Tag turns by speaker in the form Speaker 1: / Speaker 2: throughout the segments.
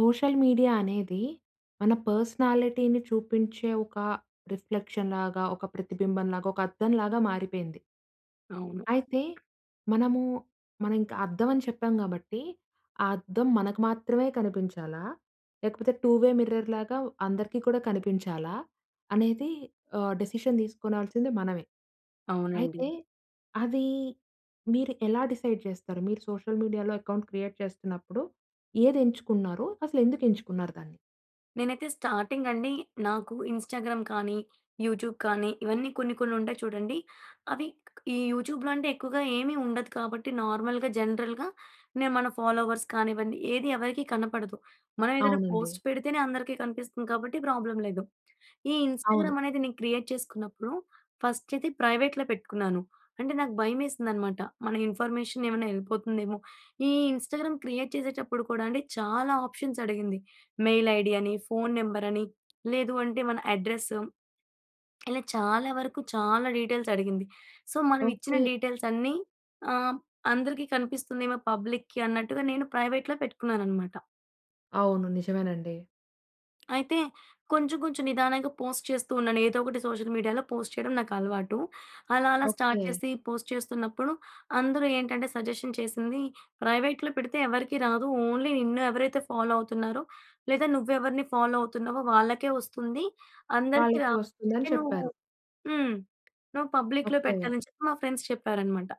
Speaker 1: Social media అనేది మన పర్సనాలిటీని చూపించే ఒక రిఫ్లెక్షన్ లాగా, ఒక ప్రతిబింబం లాగా, ఒక అద్దం లాగా మారిపోయింది.
Speaker 2: అవును.
Speaker 1: అయితే మనము మనం ఇంకా అద్దం అని చెప్పాం కాబట్టి, ఆ అద్దం మనకు మాత్రమే కనిపించాలా? లేకపోతే టూవే మిర్రర్ లాగా అందరికీ కూడా కనిపించాలా? అనేది ఆహ్, డెసిషన్ తీసుకోనాల్సింది మనమే.
Speaker 2: అవునండి.
Speaker 1: అయితే అవి మీరు ఎలా డిసైడ్ జేస్తారు? మీరు సోషల్ మీడియాలో అకౌంట్ క్రియేట్ చేస్తున్నప్పుడు ఏది ఎంచుకున్నారు? అసలు ఎందుకు ఎంచుకున్నారు దాన్ని?
Speaker 2: నేనైతే స్టార్టింగ్ అండి నాకు ఇన్‌స్టాగ్రామ్ కానీ, యూట్యూబ్ కానీ ఇవన్నీ కొన్ని కొన్ని ఉంటాయి చూడండి. అవి ఈ యూట్యూబ్‌లో అంటే ఎక్కువగా ఏమీ ఉండదు కాబట్టి నార్మల్‌గా జనరల్‌గా నేను మన ఫాలోవర్స్ కానివ్వండి ఏది ఎవరికీ కనపడదు. మనం ఏదైనా
Speaker 1: అవునండి.
Speaker 2: పోస్ట్ పెడితేనే అందరికీ కనిపిస్తుంది కాబట్టి ప్రాబ్లమ్ లేదు. ఈ ఇన్‌స్టాగ్రామ్
Speaker 1: అవును.
Speaker 2: అనేది నేను క్రియేట్ చేసుకున్నప్పుడు ఫస్ట్ అయితే ప్రైవేట్‌లో పెట్టుకున్నాను. అంటే నాకు భయమేసింది అన్నమాట మన ఇన్ఫర్మేషన్ ఏమైనా ఎళ్ళిపోతుందేమో. ఈ ఇన్‌స్టాగ్రామ్ క్రియేట్ చేసేటప్పుడు కూడా అండి చాలా ఆప్షన్స్ అడిగింది. మెయిల్ ఐడీ అని, ఫోన్ నంబర్ అని, లేదు అంటే మన అడ్రెస్సు, ఇలా చాలా వరకు చాలా డీటెయిల్స్ అడిగింది. సో మనం ఇచ్చిన
Speaker 1: ఓకే.
Speaker 2: డీటెయిల్స్ అన్ని ఆహ్, అందరికి కనిపిస్తుందేమో పబ్లిక్‌కి అన్నట్టుగా నేను ప్రైవేట్‌లో పెట్టుకున్నానన్నమాట.
Speaker 1: అవును. నిజమేనండి.
Speaker 2: అయితే కొంచెం, కొంచెం నిదానంగా పోస్ట్ చేస్తూ ఉన్నాను. ఏదో ఒకటి సోషల్ మీడియాలో పోస్ట్ చేయడం నాకలవాటు. అలా, అలా స్టార్ట్
Speaker 1: ఓకే.
Speaker 2: చేసి పోస్ట్ చేస్తున్నప్పుడు అందరూ ఏంటంటే సజెషన్ చేసింది ప్రైవేట్‍లో పెడితే ఎవరికీ రాదు, ఓన్లీ నిన్ను ఎవరైతే ఫాలో అవుతున్నారో, లేదా నువ్వెవర్ని ఫాలో అవుతున్నావో వాళ్ళకే వస్తుంది. అందరికి రా
Speaker 1: వాళ్ళకి వస్తుందని
Speaker 2: అంటే నువ్వు
Speaker 1: చెప్పారు.
Speaker 2: హ్మ్ నువ్వు పబ్లిక్‌లో
Speaker 1: ఓకే.
Speaker 2: పెట్టాలని చెప్పి మా ఫ్రెండ్స్ చెప్పారన్నమాట.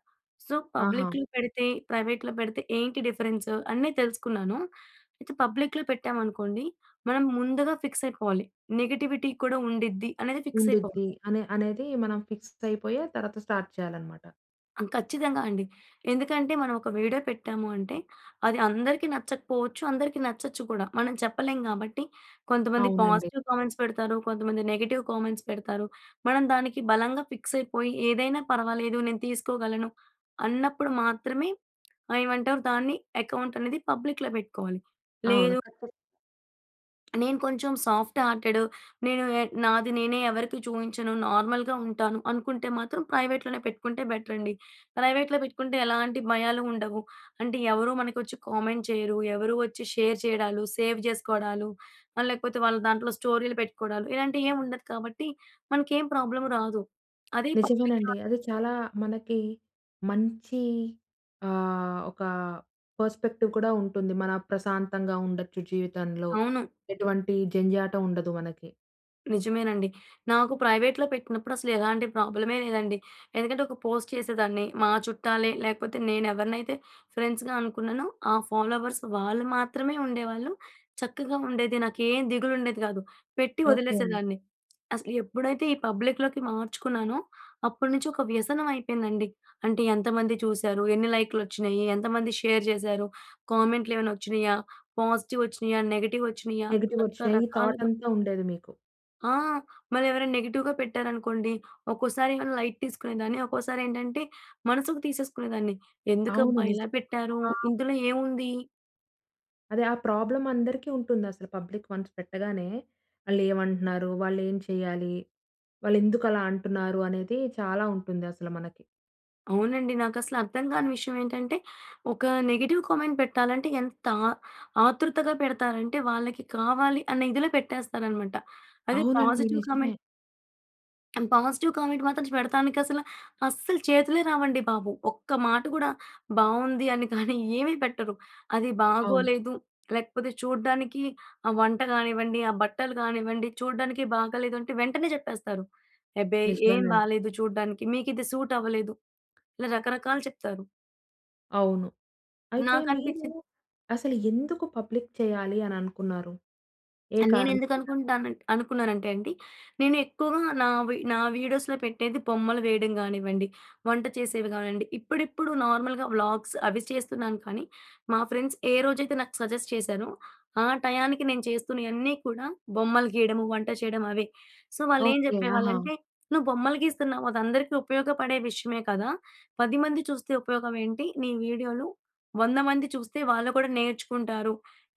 Speaker 2: సో
Speaker 1: ఆహా!
Speaker 2: పబ్లిక్‌లో పెడితే ప్రైవేట్‌లో పెడితే ఏంటి డిఫరెన్స్ అన్ని తెలుసుకున్నాను. అయితే పబ్లిక్‌లో పెట్టాం అనుకోండి మనం ముందుగా ఫిక్స్ అయిపోవాలి. నెగెటివిటీ కూడా ఉండిద్ది అనేది ఫిక్స్ అయిపోవాలి.
Speaker 1: ఉండుద్ది అనే అనేది మనం ఫిక్స్ అయిపోయే తర్వాత స్టార్ట్ చేయాలన్నమాట.
Speaker 2: ఆ! ఖచ్చితంగా అండి. ఎందుకంటే మనం ఒక వీడియో పెట్టాము అంటే అది అందరికీ నచ్చకపోవచ్చు, అందరికీ నచ్చొచ్చు కూడా. మనం చెప్పలేం కాబట్టి కొంతమంది
Speaker 1: అవునండి.
Speaker 2: పాజిటివ్ కామెంట్స్ పెడతారు, కొంతమంది నెగెటివ్ కామెంట్స్ పెడతారు. మనం దానికి బలంగా ఫిక్స్ అయిపోయి ఏదైనా పర్వాలేదు నేను తీసుకోగలను అన్నప్పుడు మాత్రమే ఆహ్, ఏమంటారు దాన్ని అకౌంట్ అనేది పబ్లిక్‌లో పెట్టుకోవాలి.
Speaker 1: అవును.
Speaker 2: లేదు
Speaker 1: ఖచ్చితంగా.
Speaker 2: నేను కొంచెం సాఫ్ట్ హార్టెడు, నేను ఎ నాది నేనే ఎవరికీ చూయించను, నార్మల్‌గా ఉంటాను. అనుకుంటే మాత్రం ప్రైవేట్‌లోనే పెట్టుకుంటే బెటరండి. ప్రైవేట్‌లో పెట్టుకుంటే, ఎలాంటి భయాలు ఉండవు. అంటే ఎవరూ మనకొచ్చి కామెంట్ చేయరు. ఎవరు వచ్చి షేర్ చేయడాలు, సేవ్ చేసుకోవడాలు. ఆహ్, లేకపోతే వాళ్ళ దాంట్లో స్టోరీలు పెట్టుకోవడాలు. ఇలాంటియి ఏం ఉండదు కాబట్టి, మనకేం ప్రాబ్లమ్ రాదు. అదే పబ్లిక్‌లో
Speaker 1: నిజమేనండి. అది
Speaker 2: అనుకోండి
Speaker 1: చాలా మనకి మంచి ఆహ్, ఒక పర్స్‌పెక్టివ్ కూడా ఉంటుంది. మన ప్రశాంతంగా ఉండొచ్చు జీవితంలో,
Speaker 2: అవును.
Speaker 1: ఎటువంటి జంఝాటం ఉండదు మనకి.
Speaker 2: నిజమేనండి. నాకు ప్రైవేట్‌లో పెట్టినప్పుడు అసలు ఎలాంటి ప్రాబ్లమే లేదండి. ఎందుకంటే ఒక పోస్ట్ చేసేదాన్ని. మా చుట్టాలే, లేకపోతే నేను ఎవరినైతే ఫ్రెండ్స్‌గా అనుకున్నానో, ఆ ఫాలోవర్స్ వాళ్ళు మాత్రమే ఉండేవాళ్ళు. చక్కగా ఉండేది, నాకేం దిగులు ఉండేది కాదు, పెట్టి
Speaker 1: ఓకె.
Speaker 2: వదిలేసేదాన్ని. అసలు ఎప్పుడైతే ఈ పబ్లిక్‌లోకి మార్చుకున్నానో, అప్పటి నుంచి ఒక వ్యసనం అయిపోయిందండి. అంటే ఎంతమంది చూశారు, ఎన్ని లైక్‌లొచ్చిన్నియ్యి, ఎంతమంది షేర్ చేశారు, కామెంట్లేవైనా వచ్చినాయా! పాజిటీవోచ్చిన్నియా, నెగటీవోచ్చిన్నియా,
Speaker 1: నెగిటివొచ్చెయీ. ఈ
Speaker 2: రకరకాలుగా
Speaker 1: థాటంతా ఉండేది మీకు.
Speaker 2: ఆ! మరెవరైనా నెగెటివ్‌గా పెట్టారనుకోండి, ఒక్కోసారేమో లైట్ తీసుకునేదాన్ని, ఒక్కోసారేంటంటే మనసుకు తీసేసుకునేదాన్ని
Speaker 1: అవును.
Speaker 2: ఎందుకబ్బా! ఇలా
Speaker 1: నిజం.
Speaker 2: పెట్టారు?
Speaker 1: ఆహ్
Speaker 2: ఇందులో ఏముంది
Speaker 1: అదే, ఆ ప్రాబ్లమ్ అందరికీ ఉంటుందసల పబ్లిక్ వన్స్ పెట్టగానే. వాళ్ళేమంటున్నారు? వాళ్ళేంచేయాలి? వాళ్లెందుకు అలా అంటున్నారు? అనేది చాలా ఉంటుంది అసల మనకి.
Speaker 2: అవునండి నాకసలర్థం కాని విషయం ఏంటంటే ఒక నెగిటివ్ కామెంట్ పెట్టాలంటే ఎంత ఆతృతగా పెడతారంటే, వాళ్ళకి కావాలి అనే ఇదిలో పెట్టేస్తారనమాట. అదే
Speaker 1: అవునండి.
Speaker 2: పాజిటివ్ కామెంట్...
Speaker 1: నిజమే.
Speaker 2: పాజిటివ్ కామెంట్ మాత్రం పెడతానికసల అస్సల చేతులే రావండి బాబు. ఒక్క మాట కూడా బాగుంది అని కానీ ఏమీ పెట్టరు. అది
Speaker 1: అవును.
Speaker 2: బాగోలేదు లేకపోతే చూడ్డానికి ఆహ్, వంట కానివ్వండి, ఆహ్, బట్టలు కానివ్వండి, చూడ్డానికి బాగోలేదు అంటే వెంటనే చెప్పేస్తారు. ఎబ్బే! ఏం
Speaker 1: నిజమేనండి.
Speaker 2: బాగాలేదు. చూడడానికి మీకు ఇది సూట్ అవ్వలేదు. ఇలా రకరకాలు చెప్తారు.
Speaker 1: అవును. అయితే మీరు
Speaker 2: నాకనిపిచ్చింది.
Speaker 1: అసలు ఎందుకు పబ్లిక్ చేయాలి అని అనుకున్నారు? ఏ
Speaker 2: ఆహ్,
Speaker 1: కారణం
Speaker 2: నేనెందుకు
Speaker 1: మీద?
Speaker 2: అనుకుంటున్నానంటే అనుకున్నానంటే అండి నేనెక్కువగా నా వీ నా వీడియోస్‌లో పెట్టేది బొమ్మలు వేయడం కానివ్వండి, వంట చేసేవి కానివ్వండి, ఇప్పుడిప్పుడు నార్మల్‍గా వ్లాగ్స్ అవి చేస్తున్నాను. కానీ మా ఫ్రెండ్స్ ఏ రోజైతే నాకు సజెస్ట్ చేశారో, ఆ టయానికి నేను చేస్తున్నయన్నీ కూడా బొమ్మలు గీయడము, వంట చేయడం అవే. సో, వాళ్ళేం
Speaker 1: ఓకే. ఆహా!
Speaker 2: చెప్పేవాళ్ళంటే "నువ్వు బొమ్మలు గీస్తున్నావు. అదందరికీ ఉపయోగపడే విషయమే కదా! 10 మంది చూస్తే ఉపయోగం ఏంటి నీ వీడియోలు? 100 మంది చూస్తే వాళ్ళు కూడా నేర్చుకుంటారు.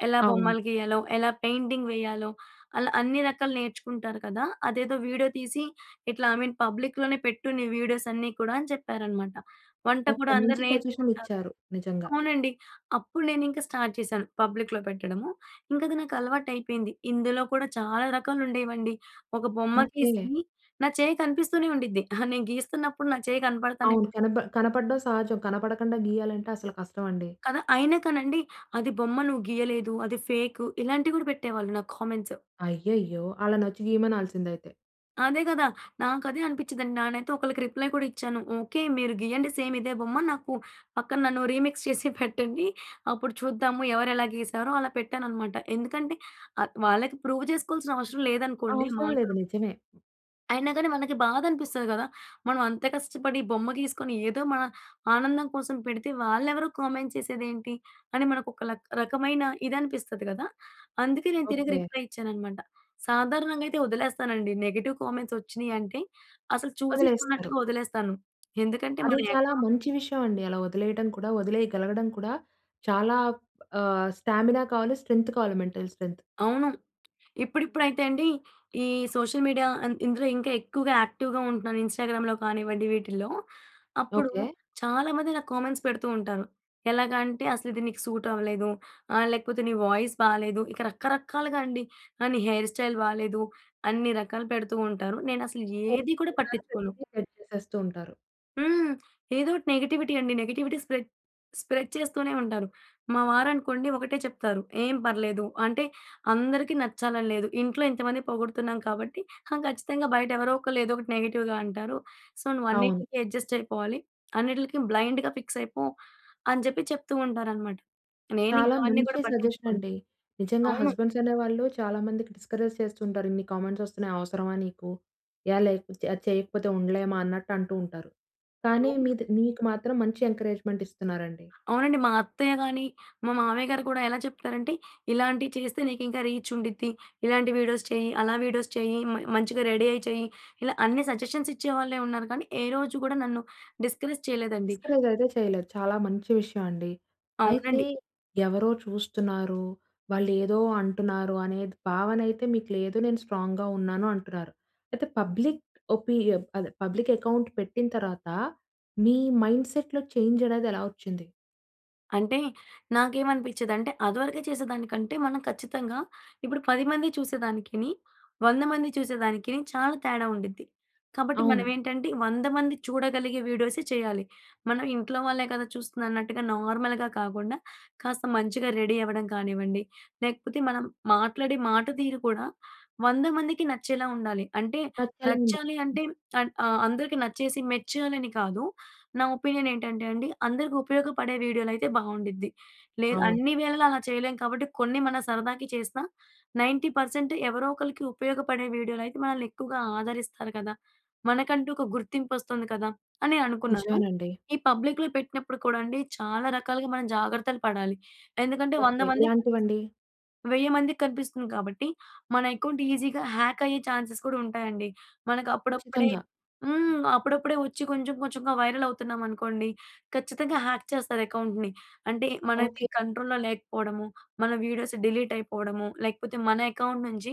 Speaker 2: ఎలా
Speaker 1: అవును.
Speaker 2: బొమ్మలు గీయాలో, ఎలా పెయింటింగ్ వేయాలో. అలా అన్నీ రకాలు నేర్చుకుంటారు కదా! అదేదో వీడియో తీసి ఇట్లా ఐ మీన్ పబ్లిక్‌లోనే పెట్టు నీ వీడియోసన్నీ కూడా" అని చెప్పారన్నమాట. వంట కూడా
Speaker 1: ఓకె.
Speaker 2: అందరూ
Speaker 1: మంచి పొజిషన్
Speaker 2: నేర్చుకుంటారు.
Speaker 1: ఇచ్చారు. నిజంగా.
Speaker 2: అవునండి. అప్పుడు నేనింక స్టార్ట్ చేశాను. పబ్లిక్‌లో పెట్టడము. ఇంకా అది నాకు అలవాటైపోయింది. ఇందులో కూడా చాలా రకాలుండేవండి. ఒక బొమ్మ
Speaker 1: ఓకె.
Speaker 2: గీసి నా చెయ్యి కనిపిస్తూనే ఉండిద్ది. అహా! నేను గీస్తున్నప్పుడు నా చెయ్యి కనపడతానే
Speaker 1: అవును.
Speaker 2: ఉండిద్ది.
Speaker 1: కనబ కనపడడం సహజం. కనపడకుండా గీయాలంటే అసలు కష్టమండి.
Speaker 2: కదా! అయినా కానండి అది బొమ్మ నువ్వు గీయలేదు, అది ఫేకు, ఇలాంటివి కూడా పెట్టేవాళ్ళు నాకు కామెంట్స్.
Speaker 1: అయ్యయ్యో! ఆళ్ళనొచ్చి గీయమనాల్సిందైతే.
Speaker 2: అదే కదా! నాకు అదే అనిపించిందండి. నానైతే ఒకళ్ళకి రిప్లై కూడా ఇచ్చాను. "ఓకే, మీరు గీయండి సేమ్ ఇదే బొమ్మ. నాకు పక్కన నన్ను రీమిక్స్ చేసి పెట్టండి. అప్పుడు చూద్దాము. ఎవరు ఎలా గీసారో" అలా పెట్టానన్నమాట. ఎందుకంటే ఆహ్, వాళ్ళకి ప్రూవ్ చేసుకోవాల్సిన అవసరం లేదనుకోండి. మా
Speaker 1: అవసరం లేదు. నిజమే.
Speaker 2: అయినా గానీ మనకి బాధనిపిస్తది గదా! మనం అంత కష్టపడి బొమ్మ గీసుకొని ఏదో మన ఆనందం కోసం పెడితే వాళ్ళెవరో కామెంట్స్ చేసేదేంటి? అని మనకు ఒక లా రకమైన ఇదనిపిస్తది కదా! అందుకే నేను తిరిగి
Speaker 1: ఓకే.
Speaker 2: రిప్లై ఇచ్చానన్నమాట. సాధారణంగా అయితే వదిలేస్తానండి నెగెటివ్ కామెంట్స్ వచ్చినయంటే అసలు చూసి
Speaker 1: వదిలేస్తారు.
Speaker 2: చూడనట్టుగా వదిలేస్తాను. ఎందుకంటే మన
Speaker 1: అది చాలా
Speaker 2: అకౌంట్
Speaker 1: మంచి విషయం అండి. అలా వదిలేయటం కూడా వదిలేయగలగడం కూడా చాలా ఆహ్, స్టామినా కావాలి, స్ట్రెంత్ కావాలి, మెంటల్ స్ట్రెంత్.
Speaker 2: అవును. ఇప్పుడిప్పుడైతే అండి ఈ సోషల్ మీడియా అం ఇందులో ఇంకా ఎక్కువగా యాక్టివ్‍గా ఉంటున్నాను. ఇన్స్టాగ్రామ్‍లో కానివ్వండి వీటిల్లో. అప్పుడు
Speaker 1: ఓకే.
Speaker 2: చాలామంది నాకు కామెంట్స్ పెడుతూ ఉంటారు. ఎలాగా అంటే, "అసలు ఇది నీకు సూట్ అవ్వలేదు". ఆహ్, లేకపోతే, "నీ వాయిస్ బాలేదు". ఇక రకరకాలుగా అండి. ఆహ్, "నీ హెయిర్ స్టైల్ బాలేదు" అన్ని రకాలు పెడుతూ ఉంటారు. నేనసలు ఏది కూడా
Speaker 1: [unintelligible]
Speaker 2: పట్టించుకోను.
Speaker 1: ప్రతీదీ షేర్ చేసేస్తూ ఉంటారు.
Speaker 2: హ్మ్. ఏదో ఒకటి నెగటివిటీ అండి. నెగటివిటీ స్ప్రెడ్ స్ప్రెడ్ చేస్తూనే ఉంటారు. మా వారనుకోండి ఒకటే చెప్తారు, "ఏం పర్లేదు. అంటే అందరికి నచ్చాలని లేదు. ఇంట్లో ఇంతమంది పొగుడుతున్నాం కాబట్టి హా, ఖచ్చితంగా బయట ఎవరో ఒకళ్ళు ఏదో ఒకటి నెగెటివ్‌గా అంటారు. సో, నువ్వు
Speaker 1: అవును.
Speaker 2: అన్నిటికి అడ్జస్ట్ అయిపోవాలి. అన్నిటిలకి బ్లైండ్‌గా ఫిక్స్ అయిపో" అని చెప్పి చెప్తూ ఉంటారనమాట.
Speaker 1: చాలా
Speaker 2: నేనింకా అవన్నీ
Speaker 1: మంచి
Speaker 2: కూడా
Speaker 1: సజెషన్
Speaker 2: పట్టించుకోను.
Speaker 1: అండి. నిజంగా
Speaker 2: అవును.
Speaker 1: హస్బెండ్స్ అనేవాళ్ళు చాలా మందికి డిస్కరేజ్ చేస్తూ ఉంటారు. "ఇన్ని కామెంట్స్ వస్తున్నాయి అవసరమా నీకు? ఏ లేకపోతే అది చేయకపోతే ఉండలేమా?" అన్నట్టు అంటూ ఉంటారు. కానీ,
Speaker 2: అవును.
Speaker 1: మీది నీకు మాత్రం మంచి ఎంకరేజ్మెంట్ ఇస్తున్నారండి.
Speaker 2: అవునండి. మా అత్తయ్యగాని, మా మామయ్యగారు కూడా ఎలా చెప్తారంటే, "ఇలాంటివి చేస్తే నీకు ఇంకా రీచ్ ఉండిద్ది. ఇలాంటి వీడియోస్ చెయ్, అలా వీడియోస్ చెయ్, మ మంచిగా రెడీ అయ్యి చెయ్" ఇలా అన్ని సజెషన్స్ ఇచ్చేవాళ్ళెవున్నారు కానీ, ఏ రోజు కూడా నన్ను డిస్కరేజ్ చేయలేదండి.
Speaker 1: డిస్కరేజ్ అయితే చేయలేదు. చాలా మంచి విషయం అండి. అయితే,
Speaker 2: అవునండి.
Speaker 1: ఎవరో చూస్తున్నారు? వాళ్లేదో అంటున్నారు? అనేది భావన అయితే మీకు లేదు నేను స్ట్రాంగ్‍గా ఉన్నాను అంటున్నారు. అయితే పబ్లిక్ ఒపీరియం అదే పబ్లిక్ అకౌంట్ పెట్టిన తర్వాత మీ మైండ్‌సెట్‌లో చేంజ్ అనేది ఎలా వచ్చింది?
Speaker 2: అంటే నాకేమనిపించేదంటే, అదివరకే చేసేదానికంటే మనం ఖచ్చితంగా ఇప్పుడు 10 మంది చూసేదానికిని 100 మంది చూసేదానికిని చాలా తేడా ఉండిద్ది. కాబట్టి మనం
Speaker 1: అవును.
Speaker 2: ఏంటంటే, 100 మంది చూడగలిగే వీడియోసే చేయాలి. మనం ఇంట్లో వాళ్ళే కదా! చూస్తుందన్నట్టుగా, నార్మల్‍గా కాకుండా, కాస్త మంచిగా రెడీ అవ్వడం కానివ్వండి, లేకపోతే మనం మాట్లాడే మాట తీరు కూడా, 100 మందికి నచ్చేలా ఉండాలి. అంటే,
Speaker 1: తాత్కాలుంద
Speaker 2: నచ్చాలి అంటే అన్ ఆహ్, అందరికి నచ్చేసి, మెచ్చాలని కాదు. నా ఒపీనియన్ ఏంటంటే అండి, అందరికి ఉపయోగపడే వీడియోలైతే బాగుండిద్ది. లేదు
Speaker 1: అవును.
Speaker 2: అన్ని వేళలా అలా చేయలేం కాబట్టి, కొన్ని మనం సరదాకి చేస్తా 90% ఎవరో ఒకరికి ఉపయోగపడే వీడియోలైతే, మనల్ని ఎక్కువగా ఆదరిస్తారు కదా! మనకంటూ ఒక గుర్తింపొస్తుంది కదా! అని అనుకున్నాను.
Speaker 1: నిజమేనండి.
Speaker 2: ఈ పబ్లిక్‌లో పెట్టినప్పుడు కూడా అండి, చాలా రకాలుగా మనం జాగ్రత్తలు పడాలి. ఎందుకంటే, 100
Speaker 1: ఓకే.
Speaker 2: మందికి
Speaker 1: ఎలాంటివండి?
Speaker 2: కనిపిస్తుంది, 1000 మందికి కనిపిస్తుంది కాబట్టి, మన అకౌంట్ ఈజీగా హ్యాక్ అయ్యే ఛాన్సెస్ కూడా ఉంటాయండి. మనకు అప్పుడప్పుడే
Speaker 1: ఖచ్చితంగా.
Speaker 2: హ్మ్. అప్పుడప్పుడే వచ్చి కొంచెం కొంచెంగా వైరల్ అవుతున్నామనుకోండి, ఖచ్చితంగా హ్యాక్ చేస్తారు అకౌంట్‌ని. అంటే మనది
Speaker 1: ఓకే.
Speaker 2: కంట్రోల్‌లో లేకపోవడము, మన వీడియోస్ డిలీట్ అయిపోవడము, లేకపోతే మన అకౌంట్ నుంచి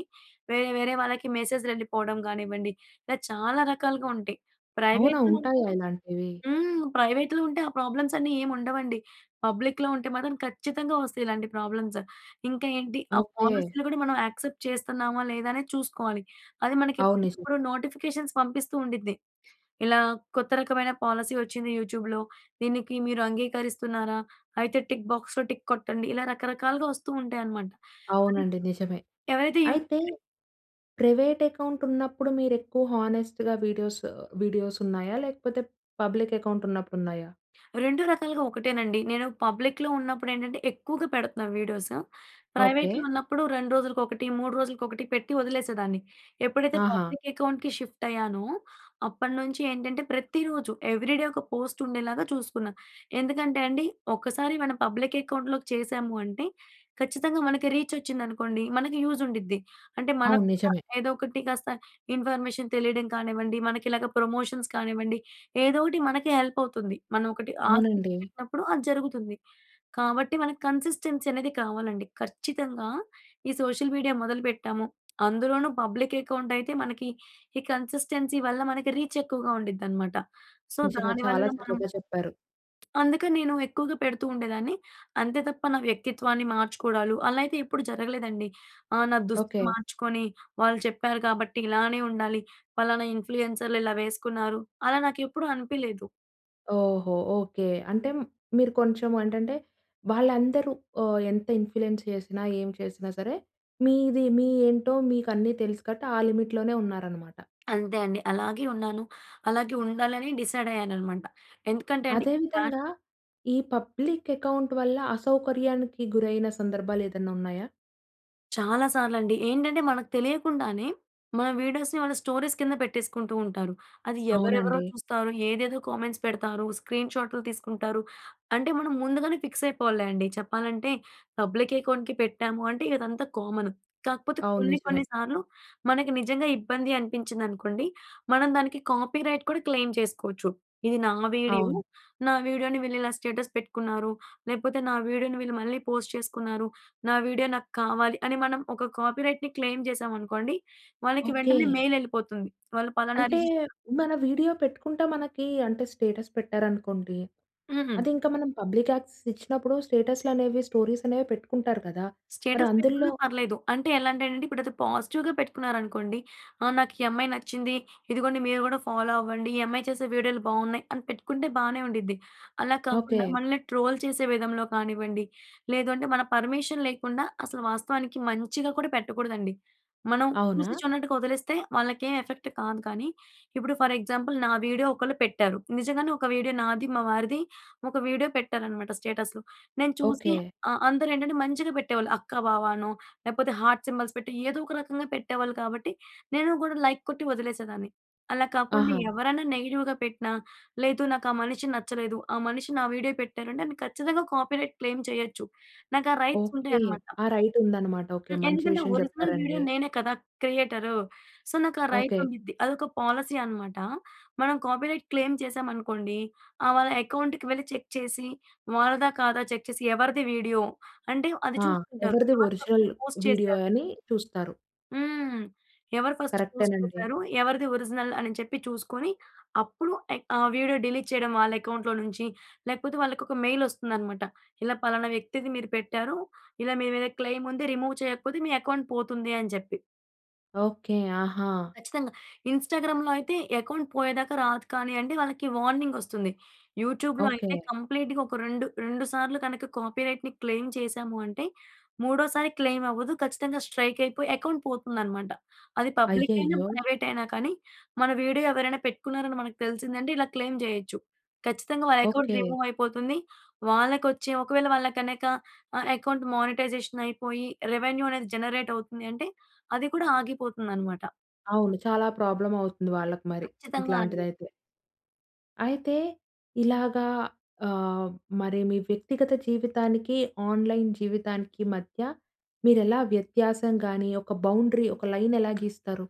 Speaker 2: వేరే, వేరే వాళ్ళకి మెసేజ్‌లు ఎళ్ళిపోవడం కానివ్వండి, ఇలా చాలా రకాలుగా ఉంటాయి.
Speaker 1: అవునా?
Speaker 2: ప్రైవేట్‍లో ఉంటే
Speaker 1: ఉంటాయా ఇలాంటివి?
Speaker 2: హ్మ్. ప్రైవేట్‌లో ఉంటే, ఆ ప్రాబ్లమ్స్ అన్నీ ఏమి ఉండవండి. పబ్లిక్‌లో ఉంటే మాత్రం ఖచ్చితంగా వస్తాయి ఇలాంటి ప్రాబ్లమ్సు. ఇంకా ఏంటి ఆ
Speaker 1: ఓకే.
Speaker 2: పాలసీలు కూడా మనం యాక్సెప్ట్ చేస్తున్నామా, లేదానేది చూసుకోవాలి. అది మనకి
Speaker 1: అవును, నిజమే.
Speaker 2: ఎప్పటికప్పుడు నోటిఫికేషన్స్ పంపిస్తూండిద్ది. ఇలా, కొత్త రకమైన పాలసీ వచ్చింది యూట్యూబ్‌లో, దీనికి మీరు అంగీకరిస్తున్నారా, అయితే టిక్ బాక్స్‌లో టిక్ కొట్టండి, ఇలా రకరకాలుగా వస్తూ ఉంటాయన్నమాట. అదే
Speaker 1: అవునండి, నిజమే.
Speaker 2: ఎవరైతే యూట్యూ
Speaker 1: అయితే,
Speaker 2: క్రియేట్
Speaker 1: ప్రైవేట్ అకౌంట్ ఉన్నప్పుడు మీరు ఎక్కువ హానెస్ట్‌గా వీడియోసు వీడియోస్ ఉన్నాయా? లేకపోతే, పబ్లిక్ అకౌంట్ ఉన్నప్పుడు ఉన్నాయా?
Speaker 2: 2 రకాలుగా ఒకటేనండి. నేను పబ్లిక్‌లో ఉన్నప్పుడు ఏంటంటే, ఎక్కువగా పెడుతున్నాను వీడియోసు,
Speaker 1: ఓకే.
Speaker 2: ప్రైవేట్‍లో ఉన్నప్పుడు 2 రోజులకి ఒకటి, 3 రోజులకి ఒకటి పెట్టి వదిలేసేదాన్ని. ఎప్పుడైతే
Speaker 1: ఆహా!
Speaker 2: పబ్లిక్ అకౌంట్‌కి షిఫ్ట్ అయ్యానో, అప్పటినుంచి ఏంటంటే ప్రతిరోజు ఎవ్రీ డే ఒక పోస్ట్ ఉండేలాగా చూసుకున్నా. ఎందుకంటే, అండి ఒకసారి మనం పబ్లిక్ అకౌంట్‍లోకి చేశాము అంటే, ఖచ్చితంగా మనకి రీచ్ వచ్చిందనుకోండి మనకి యూజ్ ఉండిద్ది. అంటే,
Speaker 1: అవును.
Speaker 2: మనకు కూడా
Speaker 1: నిజమే.
Speaker 2: ఏదో ఒకటి కాస్త ఇన్ఫర్మేషన్ తెలియడం కానివ్వండి, మనకి ఇలాగా ప్రమోషన్స్ కానివ్వండి, ఏదో ఒకటి మనకి హెల్ప్ అవుతుంది. మనం ఒకటి ఆశించి
Speaker 1: అవునండి.
Speaker 2: పెట్టినప్పుడు అది జరుగుతుంది. కాబట్టి మనకు కన్సిస్టెన్సీ అనేది కావాలండి. ఖచ్చితంగా, ఈ సోషల్ మీడియా మొదలు పెట్టాము, అందులోనూ, పబ్లిక్ అకౌంటైతే మనకి ఈ కన్సిస్టెన్సీ వల్ల మనకి రీచ్ ఎక్కువగా ఉండిద్దన్నమాట. సో,
Speaker 1: నిజమే,
Speaker 2: దానివల్ల
Speaker 1: చాలా
Speaker 2: మనం
Speaker 1: చక్కగా చెప్పారు.
Speaker 2: అందుకని నేను ఎక్కువగా పెడుతూ ఉండేదాన్ని, అంతే తప్ప, నా వ్యక్తిత్వాన్ని మార్చుకోవడాలు అలా అయితే ఎప్పుడు జరగలేదండి. ఆ నా దుస్తులు
Speaker 1: ఓకే.
Speaker 2: మార్చుకొని, వాళ్ళు చెప్పారు కాబట్టి ఇలానే ఉండాలి పలానా ఇన్‌ప్లు‌యెన్సర్‌లు ఇలా వేసుకున్నారు. అలా నాకు ఎప్పుడు అనిపియలేదు.
Speaker 1: ఓహో! ఓకే. అంటే మ్ మీరు కొంచెం ఏంటంటే, వాళ్ళందరూ ఆహ్, ఎంత ఇన్ఫ్లుయెన్స్ చేసినా ఏం చేసినా సరే, మీది మీ ఏంటో మీకన్నీ తెలుసు కాబట్టి ఆ లిమిట్‌లోనే ఉన్నారన్నమాట.
Speaker 2: అంతే అండి. అలాగే ఉన్నాను. అలాగే ఉండాలని డిసైడ్ అయ్యాననమాట. ఎందుకంటే అండి
Speaker 1: అదే
Speaker 2: ఈ ఫ్యా
Speaker 1: విధంగా ఈ పబ్లిక్ అకౌంట్ వల్ల అసౌకర్యానికి గురైన సందర్భాలేదన్నా ఉన్నాయా?
Speaker 2: చాలా సార్లండి. ఏంటంటే మనకు తెలియకుండానే, మన వీడియోస్‌ని వాళ్ళ స్టోరీస్ కింద పెట్టేసుకుంటూ ఉంటారు. అది ఎవరెవరో
Speaker 1: అవునండి.
Speaker 2: చూస్తారు. ఏదేదో కామెంట్స్ పెడతారు. స్క్రీన్‌షాట్‌లు తీసుకుంటారు. అంటే, మనం ముందుగానే ఫిక్స్ అయిపోవాలిలే అండి. చెప్పాలంటే, పబ్లిక్ అకౌంట్‌కి పెట్టాము అంటే ఇదంతా కామన్. కాకపోతే
Speaker 1: అవును,
Speaker 2: కొన్ని,
Speaker 1: నిజమే.
Speaker 2: కొన్ని సార్లు మనకి నిజంగా ఇబ్బంది అనిపించిందనుకోండి, మనం దానికి కాపీరైట్ కూడా క్లెయిమ్ చేసుకోవచ్చు. ఇది నా వీడియో.
Speaker 1: అవును.
Speaker 2: నా వీడియోని వీళ్ళు ఇలా స్టేటస్ పెట్టుకున్నారు. లేకపోతే, నా వీడియోని వీళ్ళు మళ్ళీ పోస్ట్ చేసుకున్నారు. నా వీడియో నాకు కావాలి, అని మనం ఒక కాపీరైట్‌ని క్లెయిమ్ చేశామనుకోండి వాళ్ళకి వెంటనే
Speaker 1: ఓకే.
Speaker 2: మెయిల్ వెళ్ళిపోతుంది. వాళ్ళు పలానా
Speaker 1: అంటే,
Speaker 2: రిజిస్టర్
Speaker 1: మన వీడియో పెట్టుకుంటే మనకి అంటే స్టేటస్ పెట్టారనుకోండి.
Speaker 2: హుహు.
Speaker 1: అది ఇంకా మనం పబ్లిక్ యాక్సెస్ ఇచ్చినప్పుడు స్టేటస్‌లనేవి స్టోరీస్ అనేవి పెట్టుకుంటారు కదా! మరి
Speaker 2: స్టేటస్
Speaker 1: అందుల్లో
Speaker 2: పెట్టుకున్నా పర్లేదు. అంటే ఎలా అంటే నండి ఇప్పుడు అది పాజిటివ్‌గా పెట్టుకున్నారనుకోండి, ఆ! నాకు ఈ అమ్మాయి నచ్చింది. ఇదిగోండి మీరు కూడా ఫాలో అవ్వండి. ఈ అమ్మాయి చేసే వీడియోలు బావున్నాయి, అని పెట్టుకుంటే బానే ఉండిద్ది. అలా కాకుండా,
Speaker 1: ఓకే.
Speaker 2: మనల్ని ట్రోల్ చేసే విధంలో కానివ్వండి, లేదంటే మన పర్మిషన్ లేకుండా అసలు వాస్తవానికి మంచిగా కూడా పెట్టకూడదండి. మనం చూసి
Speaker 1: అవునా?
Speaker 2: చూడనట్టుగా వదిలేస్తే వాళ్ళకేం ఎఫెక్ట్ కాదు. కానీ, ఇప్పుడు ఫర్ ఎగ్జాంపుల్ నా వీడియో ఒకళ్ళు పెట్టారు. నిజంగానే ఒక వీడియో నాది, మా వారిది ఒక వీడియో పెట్టారు అనమాట స్టేటస్‌లో. నేను చూసి
Speaker 1: ఓకే.
Speaker 2: ఆ! అందరు ఏంటంటే మంచిగా పెట్టేవాళ్ళు అక్క, బావనో లేపోతే, హార్ట్ సింబల్స్ పెట్టి ఏదో ఒక రకంగా పెట్టేవాళ్ళు కాబట్టి, నేను కూడా లైక్ కొట్టి వదిలేసేదాన్ని. అలా కాకుండా,
Speaker 1: ఆహ!
Speaker 2: ఎవరైనా నెగెటివ్‌గా పెట్టిన లేదు నాకా మనిషి నచ్చలేదు. ఆ మనిషి నా వీడియో పెట్టారంటే, నేను ఖచ్చితంగా కాపీరైట్ క్లెయిమ్ చేయొచ్చు. నాకు ఆ రైట్స్
Speaker 1: ఓకే.
Speaker 2: ఉంటాయనమాట.
Speaker 1: ఆ రైట్ ఉందనమాట. ఓకే.
Speaker 2: హ్మ్.
Speaker 1: మంచి
Speaker 2: ఎందుకంటే,
Speaker 1: విషయం
Speaker 2: ఒరిజినల్ వీడియో
Speaker 1: చెప్పారండి.
Speaker 2: నేనే కదా క్రియేటరు. సో, నాకా రైట్
Speaker 1: ఓకే.
Speaker 2: ఉండిద్ది. అదొక పాలసీ అనమాట. మనం కాపీరైట్ క్లైమ్ చేశామనుకోండి, ఆహ్, వాళ్ళ అకౌంట్‌కి వెళ్లి చెక్ చేసి వాళ్లదా కాదా చెక్ చేసి ఎవరిది వీడియో అంటే అది
Speaker 1: ఆ!
Speaker 2: చూసుకుంటారు.
Speaker 1: ఎవరిది
Speaker 2: ఎవరు ఫస్ట్
Speaker 1: ఒరిజినల్
Speaker 2: పోస్ట్
Speaker 1: వీడియో
Speaker 2: చేసారు
Speaker 1: అని చూస్తారు.
Speaker 2: హ్మ్. ఎవరు ఫస్ట్ పోస్ట్
Speaker 1: కరెక్టెనండి.
Speaker 2: చేసారు? ఎవరిది ఒరిజినల్ అని చెప్పి చూసుకొని అప్పుడు ఏక్ ఆ వీడియో డిలీట్ చేయడం వాళ్ళ అకౌంట్‌లో నుంచి, లేకపోతే వాళ్ళకి ఒక మెయిల్ వస్తుందనమాట. ఇలా పలానా వ్యక్తిది మీరు పెట్టారు. ఇలా మీ మీద క్లెమ్ ఉంది. రిమూవ్ చేయకపోతే మీ అకౌంట్ పోతుంది అని చెప్పి.
Speaker 1: ఓకే. ఆహా!
Speaker 2: ఖచ్చితంగా. ఇన్‌స్టాగ్రామ్‍లో అయితే అకౌంట్ పోయేదాకా రాదు కానియండి వాళ్ళకి వార్నింగ్ వస్తుంది. యూట్యూబ్‍లో అయితే
Speaker 1: ఓకే.
Speaker 2: కంప్లీట్‌గా ఒక 2, 2 సార్లు కనుక కాపీరైట్‍ని క్లెయిమ్ చేశాము అంటే మూడో సారి క్లెయిమ్ అవ్వదు. ఖచ్చితంగా స్ట్రైక్ అయిపోయి అకౌంట్ పోతుందనమాట. అది పబ్లిక్ అయినా
Speaker 1: అయ్యయ్యో!
Speaker 2: ప్రైవేట్ అయినా కానీ మన వీడియో ఎవరైనా పెట్టుకున్నారని మనకు తెలిసిందంటే ఇలా క్లెయిమ్ చేయొచ్చు. ఖచ్చితంగా వాళ్ళ అకౌంట్
Speaker 1: ఓకే.
Speaker 2: రిమూవ్ అయిపోతుంది. వాళ్ళకొచ్చే ఒకవేళ వాళ్ళకనక ఆహ్, అకౌంట్ మానిటైజేషన్ అయిపోయి రెవెన్యూ అనేది జనరేట్ అవుతుంది అంటే అది కూడా ఆగిపోతుందనమాట.
Speaker 1: అవును. చాలా ప్రాబ్లమ్ అవుతుంది వాళ్ళకి మరి.
Speaker 2: ఖచ్చితంగా అండి.
Speaker 1: ఇట్లాంటిదైతే. అయితే, ఇలాగా ఆహ్, మరి మీ వ్యక్తిగత జీవితానికి, ఆన్‌లైన్ జీవితానికి మధ్య మీరెలా వ్యత్యాసం గాని ఒక బౌండరీ ఒక లైన్ ఎలా గీస్తారు?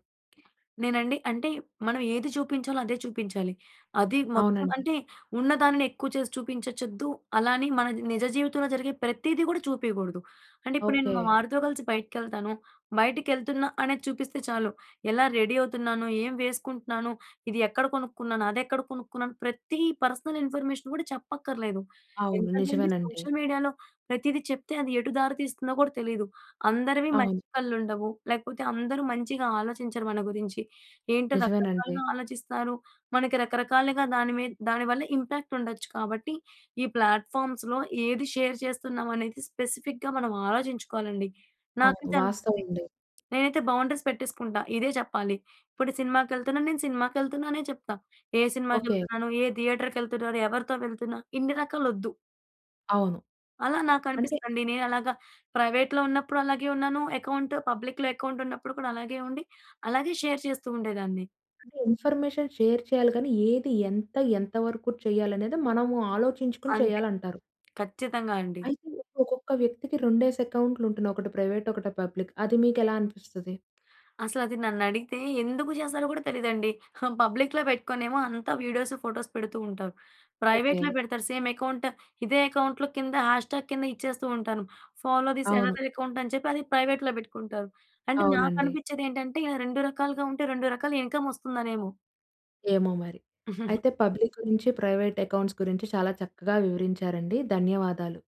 Speaker 2: నేనండి అంటే మనం ఏది చూపించాలో అదే చూపించాలి. అది మొత్తం
Speaker 1: అవునండి.
Speaker 2: అంటే ఉన్నదాని ఎక్కువ చేసి చూపించచ్చొద్దు అలా అని మన నిజ జీవితంలో జరిగే ప్రతీది కూడా చూపియకూడదు. అంటే ఇప్పుడు నేను మా
Speaker 1: ఓకే.
Speaker 2: వారితో కలిసి బయటికెళ్తాను. బయటికెళ్తున్నా అనేది చూపిస్తే చాలు. ఎలా రెడీ అవుతున్నాను? ఏం వేసుకుంటున్నాను? ఇది ఎక్కడ కొనుక్కున్నాను? అదెక్కడ కొనుక్కున్నాను? ప్రతి పర్సనల్ ఇన్ఫర్మేషన్ గూడా చెప్పక్కర్లేదు.
Speaker 1: అవును.
Speaker 2: ఎందుకంటే అండి
Speaker 1: నిజమేనండి.
Speaker 2: సోషల్ మీడియాలో ప్రతీది చెప్తే, అది ఎటు దారి తీస్తుందో కూడా తెలీదు. అందరివి మంచి
Speaker 1: అవును.
Speaker 2: కళ్ళు ఉండవు. లేకపోతే అందరూ మంచిగా ఆలోచించరు మన గురించి. ఏంటో
Speaker 1: నిజమేనండి.
Speaker 2: రకరకాలుగా ఆలోచిస్తారు. మనకి రకరకాలుగా దాని మీద దాని వల్ల ఇంపాక్ట్ ఉండొచ్చు కాబట్టి ఈ ప్లాట్ఫార్మ్‌స్‌లో ఏది షేర్ చేస్తున్నాం అనేది స్పెసిఫిక్‌గా మనం ఆలోచించుకోవాలండి.
Speaker 1: అవును.
Speaker 2: నాకైతే
Speaker 1: వాస్తవం
Speaker 2: అనిపిస్తుంది.
Speaker 1: ఉండేది.
Speaker 2: నేనైతే బౌండరీస్ పెట్టేసుకుంటా. ఇదే చెప్పాలి. ఇప్పుడు సినిమాకెళ్తున్నాను. నేను సినిమాకెళ్తున్నా అనే చెప్తా. ఏ
Speaker 1: ఓకే.
Speaker 2: సినిమాకెళ్తున్నాను? ఏ థియేటర్‌కెళ్తున్నాను? ఎవరితో వెళ్తున్నా ఇన్ని రకాలొద్దు.
Speaker 1: అవును.
Speaker 2: అలా నాకు
Speaker 1: అంటే
Speaker 2: అనిపిస్తదండి. నేనలాగా ప్రైవేట్‌లో ఉన్నప్పుడు అలాగే ఉన్నాను అకౌంట్. పబ్లిక్‌లో అకౌంట్ ఉన్నప్పుడు కూడా అలాగే ఉండి అలాగే షేర్ చేస్తూ ఉండేదాన్ని.
Speaker 1: అంటే ఇన్ఫర్మేషన్ షేర్ చేయాలి గాని ఏది ఎంత ఎంత వరకు చెయ్యాలనేది మనము ఆలోచించుకొని
Speaker 2: అంతే.
Speaker 1: చేయాలంటారు.
Speaker 2: ఖచ్చితంగా అండి.
Speaker 1: అయితే ఒక్కొక్క వ్యక్తికి రెండేసి అక్కౌంట్‌లు ఉంటున్నాయి. ఒకటి ప్రైవేట్ ఒకటి పబ్లిక్. అది మీకు ఎలా అనిపిస్తది?
Speaker 2: అసలది నన్నడిగితే ఎందుకు చేస్తారో కూడా తెలీదండి. ఆ! పబ్లిక్‌లో పెట్టుకునేమో అంతా వీడియోస్ ఫోటోసు పెడుతూ ఉంటారు. ప్రైవేట్‌లో
Speaker 1: ఓకే.
Speaker 2: బెడతారు. సేమ్ అకౌంట్ ఇదే అకౌంట్‌లో కింద హ్యాష్ ట్యాగ్ కింద ఇచ్చేస్తూ ఉంటాను. ఫాలో దిస్
Speaker 1: అవును.
Speaker 2: యనదర్ అకౌంట్ అని చెప్పి, అది ప్రైవేట్‌లో పెట్టుకుంటారు. అంటే
Speaker 1: అవునండి.
Speaker 2: నాకనిపించేది ఏంటంటే ఇల రెండు రకాలుగా ఉంటే రెండు రకాల ఇన్కమ్ వస్తుందనేమో!
Speaker 1: ఏమో మరి! అయితే పబ్లిక్ గురించి ప్రైవేట్ అకౌంట్స్ గురించి చాలా చక్కగా వివరించారండి. ధన్యవాదాలు.